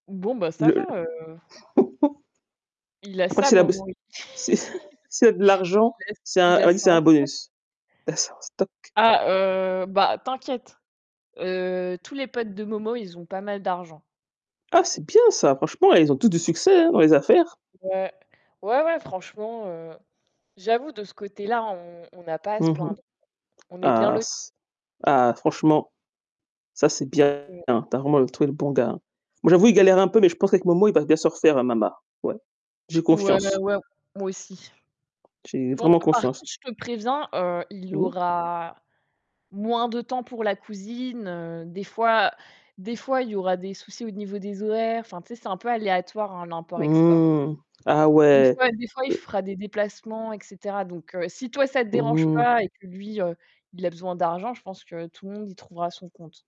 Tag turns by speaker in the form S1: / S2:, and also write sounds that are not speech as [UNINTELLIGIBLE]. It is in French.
S1: Bon, bah, ça
S2: Le l
S1: va, heu
S2: [LAUGHS]
S1: Il a
S2: Moi,
S1: ça,
S2: c'est la bos
S1: Momo.
S2: c'est [CHUCKLES] c'est de l'argent,
S1: [LAUGHS]
S2: c'est
S1: Il
S2: un
S1: a ç
S2: [UNINTELLIGIBLE]
S1: ça
S2: c'est
S1: en
S2: un
S1: stock
S2: bonus. Il a ça en stock.
S1: Ah, heu, bah, t'inquiète, heu, tous les potes de Momo, ils ont pas mal d'argent.
S2: Ah, c'est bien ça! Franchement, ils ont tous du succès, hein, dans les affaires.
S1: Ouais, ouais, ouais, franchement, heu, j'avoue, de ce côté-là, on on a pas à se
S2: Mmh mh.
S1: plaindre. On est bien,
S2: Ah
S1: lotis.
S2: ç ah, franchement, ça c'est bien,
S1: Mmh.
S2: [UNINTELLIGIBLE] tu as vraiment trouvé le bon gars. Bon j'avoue, il galère un peu, mais je pense qu'avec Momo il va bien se refaire, hein, Mama. Ouais, j'ai
S1: Ouais, ouais,
S2: confiance.
S1: ouais, moi aussi.
S2: J'ai
S1: Bon,
S2: vraiment
S1: par
S2: confiance.
S1: contre, je te préviens, heu, il
S2: [UNINTELLIGIBLE]
S1: aura moins de temps pour la cousine, heu, des fois, heu des fois, il y aura des soucis, au niveau des horaires. Enfin, tu sais, c'est un peu aléatoire, hein, l'import-export.
S2: Mmh, ah,
S1: Des
S2: ouais.
S1: fois des fois, il fera des déplacements, et cetera. Donc heu, si toi, ça te dérange
S2: Mmh.
S1: pas et que lui, heu, il a besoin d'argent, je pense que tout le monde y trouvera son compte.